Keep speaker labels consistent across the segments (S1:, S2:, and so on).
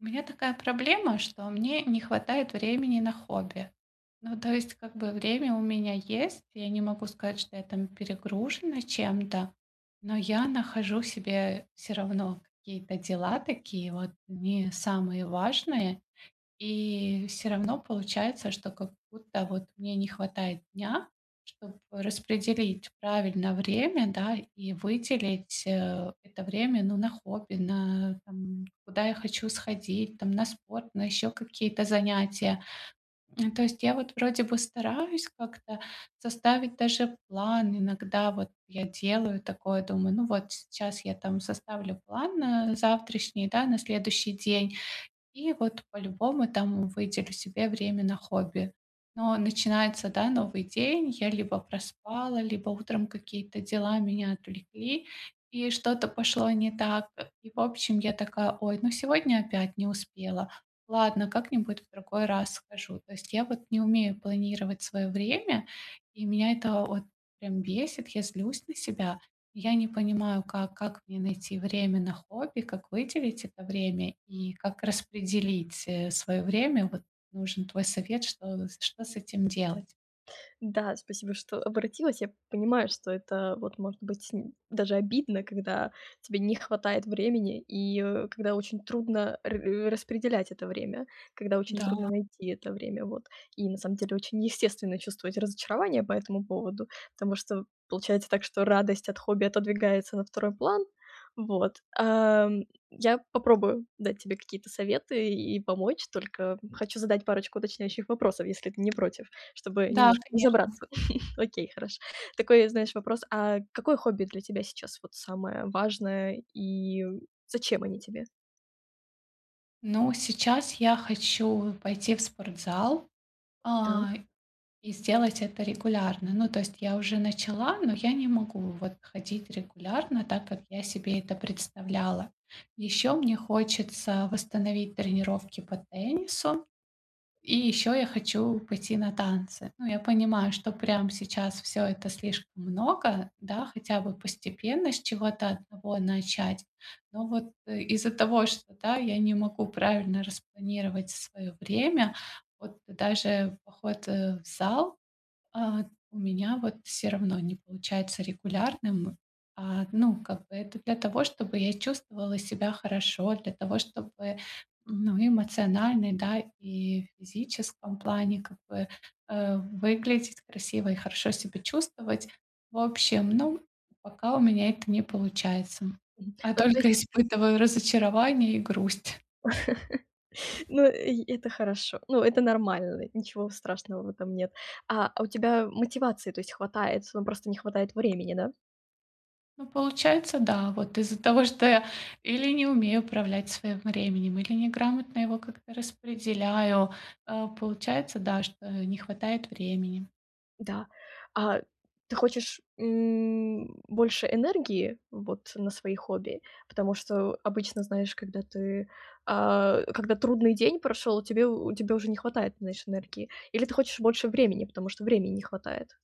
S1: У меня такая проблема, что мне не хватает времени на хобби. Ну, то есть, как бы, время у меня есть. Я не могу сказать, что я, там, перегружена чем-то, но я нахожу себе всё равно какие-то дела такие, вот, не самые важные. И всё равно получается, что как будто, вот, мне не хватает дня, чтобы распределить правильно время, да, и выделить, э, это время, ну, на хобби, на, там, куда я хочу сходить, там, на спорт, на ещё какие-то занятия. То есть я, вот, вроде бы, стараюсь как-то составить даже план иногда. Вот, я делаю такое, думаю: ну, вот сейчас я, там, составлю план на завтрашний, да, на следующий день и, вот, по-любому, там, выделю себе время на хобби. Но начинается, да, новый день. Я либо проспала, либо утром какие-то дела меня отвлекли, и что-то пошло не так. И, в общем, я такая: ой, ну сегодня опять не успела. Ладно, как-нибудь в другой раз схожу. То есть я вот не умею планировать своё время, и меня это от прям бесит. Я злюсь на себя. Я не понимаю, как, как мне найти время на хобби, как выделить это время и как распределить, э, своё время. Вот нужен твой совет, что, что с этим делать.
S2: Да, спасибо, что обратилась. Я понимаю, что это, вот, может быть, м, даже обидно, когда тебе не хватает времени и, а, когда очень трудно ра распределять это время, когда очень трудно
S1: Да.
S2: найти это время. Вот. И на самом деле очень естественно чувствовать разочарование по этому поводу. Потому что получается так, что радость от хобби отодвигается на 2 план. Вот, ам, я попробую дать тебе какие-то советы и помочь, только хочу задать парочку уточняющих вопросов, если ты не против, чтобы
S1: Да,
S2: немножко
S1: конечно.
S2: разобраться. Окей, хорошо. Такой, знаешь, вопрос: а какое хобби для тебя сейчас, вот самое важное, и зачем они тебе?
S1: Ну, сейчас я хочу пойти в спортзал, а,
S2: Так.
S1: и сделать это регулярно. Ну, то есть я уже начала, но я не могу, вот, ходить регулярно так, как я себе это представляла. Ещё мне хочется восстановить тренировки по теннису, и ещё я хочу пойти на танцы. Ну, я понимаю, что, прям сейчас всё это слишком много, да, хотя бы постепенно с чего-то одного начать. Но вот, э, из-за того, что, да, я не могу правильно распланировать своё время, вот, даже поход, э, в зал, а, у меня, вот, всё равно не получается регулярным. А, ну, как бы, это для того, чтобы я чувствовала себя хорошо, для того, чтобы, ну, эмоционально, да, и в физическом плане, как бы, э, выглядеть красиво и хорошо себя чувствовать. В общем, ну, пока у меня это не получается,
S2: Мгм,
S1: а
S2: ну, то есть
S1: только испытываю разочарование и грусть.
S2: Ну, и это хорошо. Ну, это нормально. Ничего страшного в этом нет. А, а у тебя мотивации то есть хватает? Ну, просто не хватает времени, да?
S1: Ну, получается, да. Вот из-за того, что я или не умею управлять своим временем, или неграмотно его как-то распределяю, а, получается, да, что не хватает времени.
S2: Да. А ты хочешь, м, больше энергии вот на свои хобби? Потому что обычно знаешь, когда ты, а, когда трудный день прошёл, тебе у тебя уже не хватает, знаешь, энергии? Или ты хочешь больше времени, потому что времени не хватает?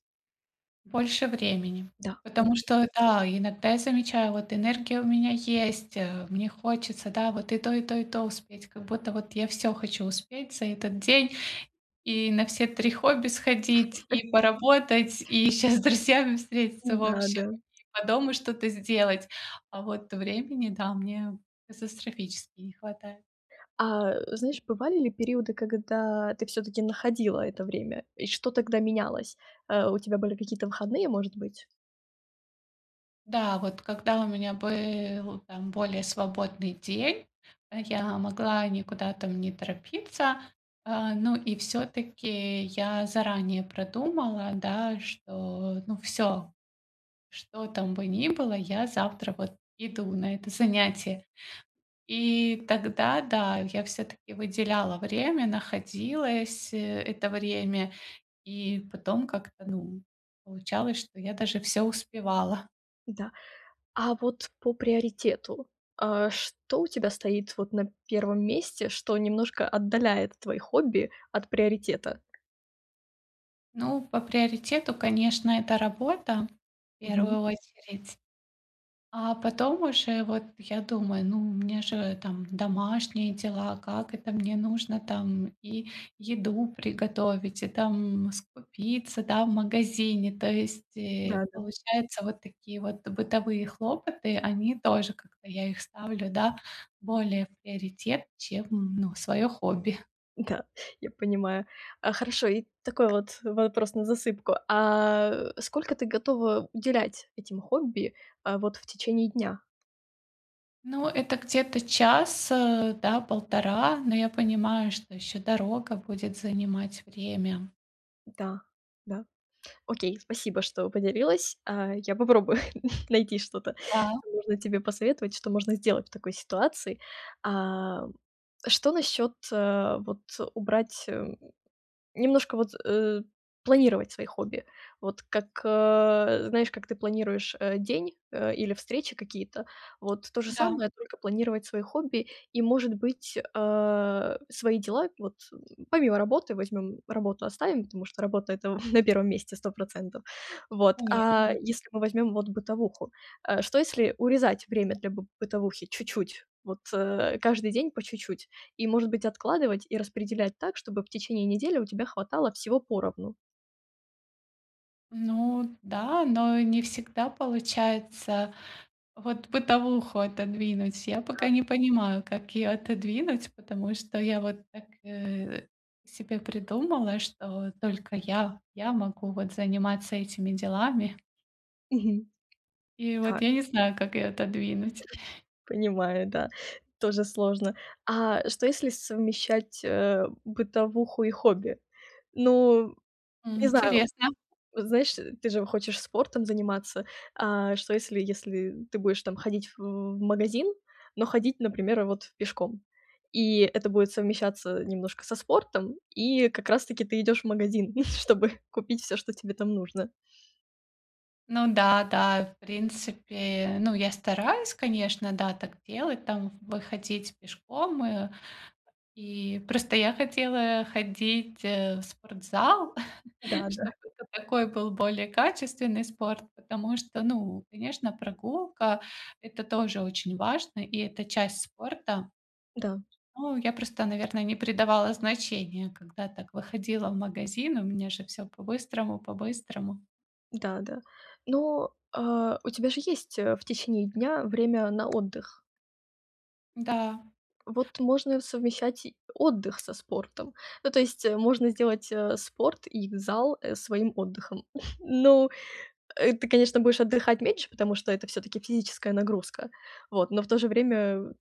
S1: Больше времени,
S2: Да, м.
S1: потому что, да, иногда я замечаю, вот энергия у меня есть, э, мне хочется, да, вот и то, и то, и то успеть. Как будто, вот, я всё хочу успеть за этот день. И на все 3 хобби сходить, и поработать, и щас с друзьями встретиться
S2: М,
S1: в
S2: да,
S1: общем,
S2: да.
S1: и по дому что-то сделать. А вот времени, да, мне катастрофически не хватает.
S2: А, знаешь, бывали ли периоды, когда ты всё-таки находила это время? И что тогда менялось? А, у тебя были какие-то выходные, может быть?
S1: Да, вот когда у меня был там более свободный день, я могла никуда там не торопиться, а, ну, и всё-таки я заранее продумала, да, что, ну, всё, что там бы ни было, я завтра, вот, иду на это занятие. И тогда, да, я всё-таки выделяла время, находилось, э, это время, и потом как-то, ну, получалось, что я даже всё успевала.
S2: Да. А вот по приоритету, а, что у тебя стоит, вот, на 1 месте, что немножко отдаляет твои хобби от приоритета?
S1: Ну, по приоритету, конечно, это работа в
S2: Мгм.
S1: первую очередь. А потом уже, вот, я думаю, ну, у меня же там домашние дела. Как это, мне нужно там и еду приготовить, и там скупиться, да, в магазине. То есть, э,
S2: Да, да.
S1: получаются вот такие бытовые хлопоты, они тоже, как-то я их ставлю, да, более в приоритет, чем ну своё хобби.
S2: Да, я понимаю. А, хорошо, и такой вот вопрос на засыпку. А, сколько ты готова уделять этим хобби, вот, в течение дня?
S1: Ну, это где-то час, а, да, 1,5, но я понимаю, что ещё дорога будет занимать время.
S2: Да, да. Окей, спасибо, что поделилась. А, я попробую найти что-то,
S1: Да.
S2: что можно тебе посоветовать, что можно сделать в такой ситуации. А, что насчёт, э, вот, убрать, эм, немножко, вот, э, планировать свои хобби? Вот, как, э, знаешь, как ты планируешь, э, день, э, или встречи какие-то. Вот, то же
S1: Да.
S2: самое, только планировать свои хобби и, может быть, а, свои дела. Вот помимо работы, возьмём работу оставим, потому что работа эта на 1 месте 100 %. Вот. А,
S1: Конечно.
S2: если мы возьмём, вот, бытовуху? А, что если урезать время для бы бытовухи чуть-чуть, вот, э, каждый день по чуть-чуть? И, может быть, откладывать и распределять так, чтобы в течение недели у тебя хватало всего поровну?
S1: Ну да, но не всегда получается вот бытовуху отодвинуть. Я пока
S2: А.
S1: не понимаю, как её отодвинуть, потому что я вот так, э, себе придумала, что только я я могу вот заниматься этими делами.
S2: Мгм,
S1: И вот
S2: да.
S1: я не знаю, как её отодвинуть.
S2: Понимаю, да. Тоже сложно. А что, если совмещать, э, бытовуху и хобби? Ну, не знаю,
S1: Интересно.
S2: знаешь, ты же хочешь спортом заниматься. А что, если если ты будешь там ходить в магазин, но ходить, например, вот пешком? И это будет совмещаться немножко со спортом, и как раз-таки ты идёшь в магазин, чтобы купить всё, что тебе там нужно.
S1: Ну да, да, в принципе, ну, я стараюсь, конечно, да, так делать там, выходить пешком, э. И просто я хотела ходить, э, в спортзал,
S2: Да-да.
S1: чтобы это такой был более качественный спорт, потому что, ну, конечно, прогулка- это тоже очень важно, и это часть спорта.
S2: Да.
S1: Ну, я просто, наверное, не придавала значения, когда так выходила в магазин, у меня же всё по-быстрому по-быстрому.
S2: Да-да. Но, а, у тебя же есть, э, в течение дня время на отдых.
S1: Да.
S2: Вот можно совмещать и отдых со спортом. Ну, то есть можно сделать, э, спорт и зал, э, своим отдыхом. Ну, э, ты, конечно, будешь отдыхать меньше, потому что это всё-таки физическая нагрузка. Вот, но в то же время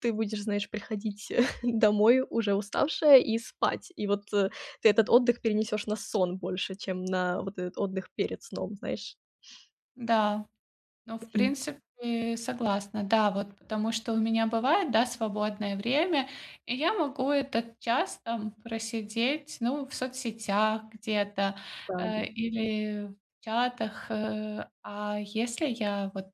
S2: ты будешь, знаешь, приходить домой уже уставшая и спать. И вот ты этот отдых перенесёшь на сон больше, чем на вот этот отдых перед сном, знаешь.
S1: Да, ну, в
S2: Мгм.
S1: принципе, согласна. Да, вот, потому что у меня бывает, да, свободное время, и я могу этот час там просидеть, ну, в соцсетях где-то,
S2: Да,
S1: а,
S2: да.
S1: или в чатах, э, а если я, вот,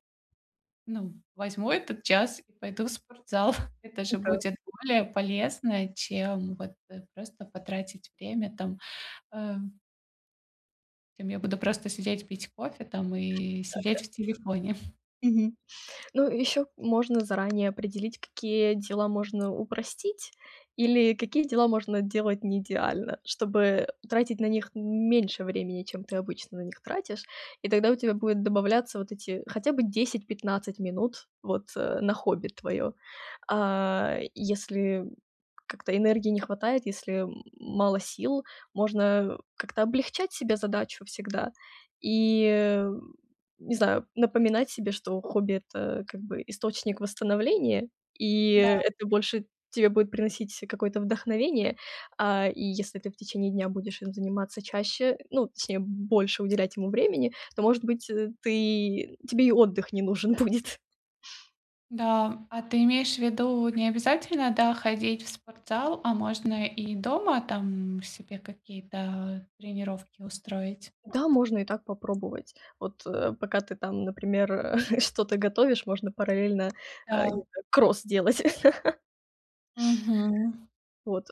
S1: ну возьму этот час и пойду в спортзал, это же
S2: Да.
S1: будет более полезно, чем, вот, э, просто потратить время, там. Эм чем я буду просто сидеть, пить кофе, там, и
S2: Да, да.
S1: сидеть в телефоне.
S2: Мгм, ну, ещё можно заранее определить, какие дела можно упростить или какие дела можно делать неидеально, чтобы тратить на них меньше времени, чем ты обычно на них тратишь. И тогда у тебя будет добавляться вот эти хотя бы 10-15 минут, вот, э, на хобби твоё. А, если как-то энергии не хватает, если мало сил, можно как-то облегчать себе задачу всегда и, э, не знаю, напоминать себе, что хобби- это как бы источник восстановления, и
S1: Да.
S2: это больше тебе будет приносить какое-то вдохновение. А, и если ты в течение дня будешь им заниматься чаще, ну, точнее, больше уделять ему времени, то, может быть, ты тебе и отдых не нужен будет.
S1: Да, а ты имеешь в виду, не обязательно, да, ходить в спортзал, а можно и дома там себе какие-то тренировки устроить?
S2: Да, можно и так попробовать. Вот, э, пока ты там, например, э, что-то готовишь, можно параллельно, а, не
S1: Да.
S2: знаю, кросс делать.
S1: Мгм.
S2: Вот.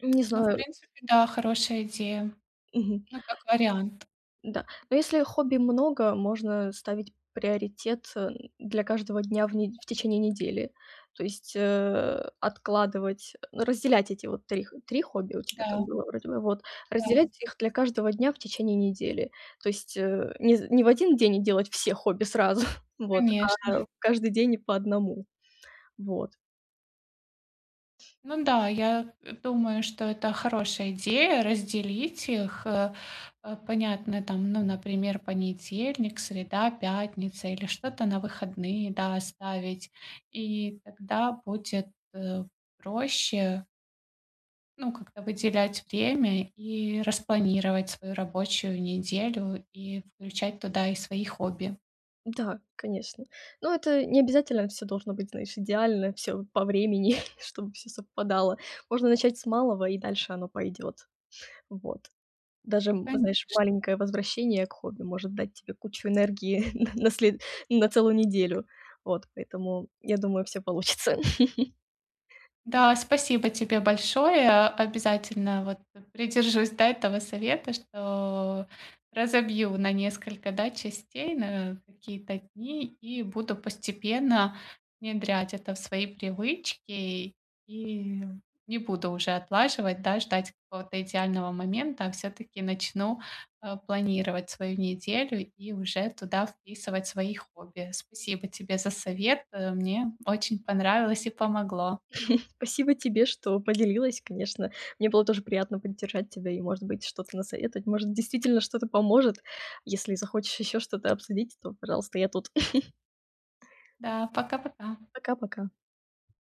S2: Не
S1: Ну, в
S2: знаю.
S1: принципе, да, хорошая идея.
S2: Мгм.
S1: Ну, как вариант.
S2: Да. Но если хобби много, можно ставить приоритет, э, для каждого дня в нед в течение недели. То есть, э, откладывать, разделять эти вот 3 х 3 хобби у тебя там
S1: Да.
S2: было вроде бы. Вот,
S1: Да.
S2: разделять их для каждого дня в течение недели. То есть, э, не з не в 1 день и делать все хобби сразу, вот, а
S1: Конечно.
S2: каждый день по 1. Вот.
S1: Ну да, я, э, думаю, что это хорошая идея- разделить их. Э, понятно, там, ну, например, понедельник, среда, пятница или что-то на выходные, да, оставить, и тогда будет, э, проще ну, как-то выделять время и распланировать свою рабочую неделю, и включать туда и свои хобби.
S2: Да, конечно. Но это не обязательно всё должно быть, знаешь, идеально, всё по времени, чтобы всё совпадало. Можно начать с малого, и дальше оно пойдёт. Вот. Даже, м, знаешь,
S1: Конечн
S2: маленькое возвращение к хобби может дать тебе кучу энергии на след на целую неделю. Вот, поэтому я думаю, всё получится.
S1: Да, спасибо тебе большое. Обязательно, вот, п придержусь, да, этого совета, что разобью на несколько, да, частей, на какие-то дни и буду постепенно внедрять это в свои привычки. И не буду уже отлаживать, да, ждать какого-то идеального момента, а всё-таки начну, а, планировать свою неделю и уже туда вписывать свои хобби. Спасибо тебе за совет, э, мне очень понравилось и помогло.
S2: Спасибо тебе, что поделилась, конечно. Мне было тоже приятно поддержать тебя и, может быть, что-то насоветовать. Может, действительно что-то поможет. Если захочешь ещё что-то обсудить, то, пожалуйста, я тут.
S1: Да, пока пока.
S2: Пока пока.